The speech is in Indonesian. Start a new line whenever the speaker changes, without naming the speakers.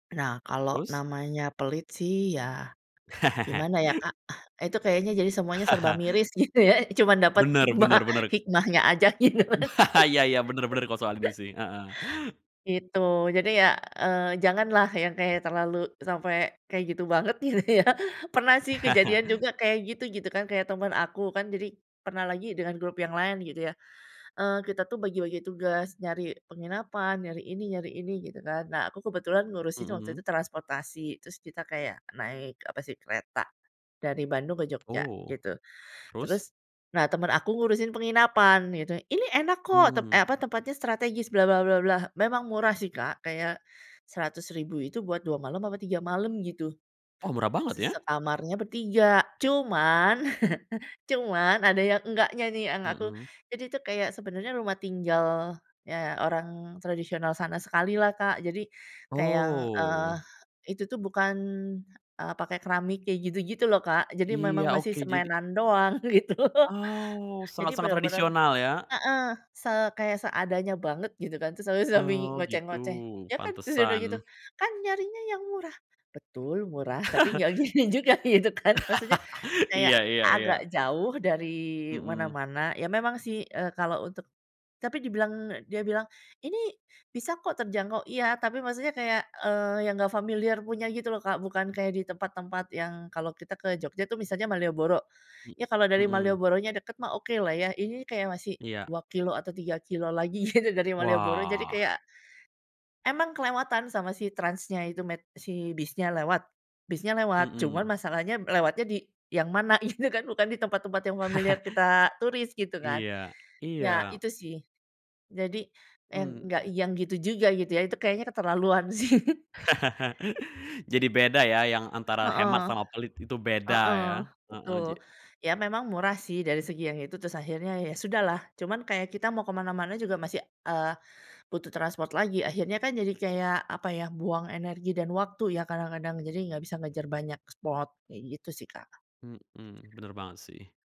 Nah, kalau
Terus?
namanya pelit sih ya, gimana ya, Kak, itu kayaknya jadi semuanya serba miris gitu ya, cuma dapet
Benar benar
hikmah,
benar.
hikmahnya aja gitu.
Iya iya, benar benar kalau soal ini sih. Heeh.
Gitu. Jadi ya, eee, janganlah yang kayak terlalu sampai kayak gitu banget gitu ya. Pernah sih kejadian juga, kayak gitu gitu kan, kayak temen aku kan. Jadi pernah lagi dengan grup yang lain gitu ya. Eee, kita tuh bagi-bagi tugas, nyari penginapan, nyari ini nyari ini gitu kan. Nah, aku kebetulan ngurusin waktu
Hmm.
itu transportasi, terus kita kayak naik apa sih, kereta, dari Bandung ke Jogja
Oh
gitu.
terus?
Terus, nah temen aku ngurusin penginapan gitu. "Ini enak kok," tep
Hmm.
eee, apa, "tempatnya strategis" bla bla bla, memang murah sih, Kak, kayak Rp100.000 itu buat 2 malam apa 3 malam gitu.
Oh murah banget
Se
ya.
sekamarnya bertiga. Cuman cuman ada yang enggaknya nih, yang aku
Mhm.
jadi itu kayak sebenarnya rumah tinggal, eee, orang tradisional sana sekali lah, Kak. Jadi, kayak yang, eee,
Oh.
itu tuh bukan, eee, pakai keramik kayak gitu-gitu loh Kak, jadi memang
Iya
masih
oke, jadi
semenan doang gitu.
Oh,
Jadi
sangat-sangat
bener-bener
tradisional ya.
heeh. Se kayak, seadanya banget gitu kan, terus [unintelligible]
Oh gitu,
ngoceh-ngoceh, ya kan? Terus udah gitu,
pantesan.
"Kan nyarinya yang murah." Betul murah, tapi nggak gini juga gitu kan, maksudnya kayak
Iya iya iya.
agak jauh dari
Mhm.
mana-mana. Ya, memang sih, eee, kalau untuk tapi dibilang dia bilang, "Ini bisa kok terjangkau," iya tapi maksudnya kayak, eee, yang nggak familiar punya gitu loh, Kak. Bukan kayak di tempat-tempat yang kalau kita ke Jogja tuh misalnya Malioboro,
Mmm,
ya kalau dari
mhm.
Malioboronya deket mah okelah ya, ini kayak masih
Iya.
2 kilometer atau 3 kilometer lagi gitu dari Malioboro jadi
Wah.
kayak emang kelewatan sama si transnya itu met si bisnya lewat bisnya lewat, cuman
Mhm.
masalahnya lewatnya di yang mana gitu kan bukan di tempat-tempat yang familiar kita turis gitu kan.
Iya,
Ya,
iya.
itu sih. Jadi n enggak
Mmm.
yang gitu juga, gitu ya, itu kayaknya keterlaluan sih.
Jadi beda ya, yang antara hemat
Heeh,
sama pelit itu beda
heeh,
ya. Heeh,
betul.
ja
Ya, memang murah sih dari segi yang itu, terus akhirnya ya, sudahlah. Cuman kayak kita mau ke mana-mana juga, masih, eee, butuh transport lagi. Akhirnya kan jadi kayak apa ya, buang energi dan waktu ya kadang-kadang, jadi nggak bisa ngejar banyak spot kayak gitu sih, Kak.
Mhm, benar banget sih.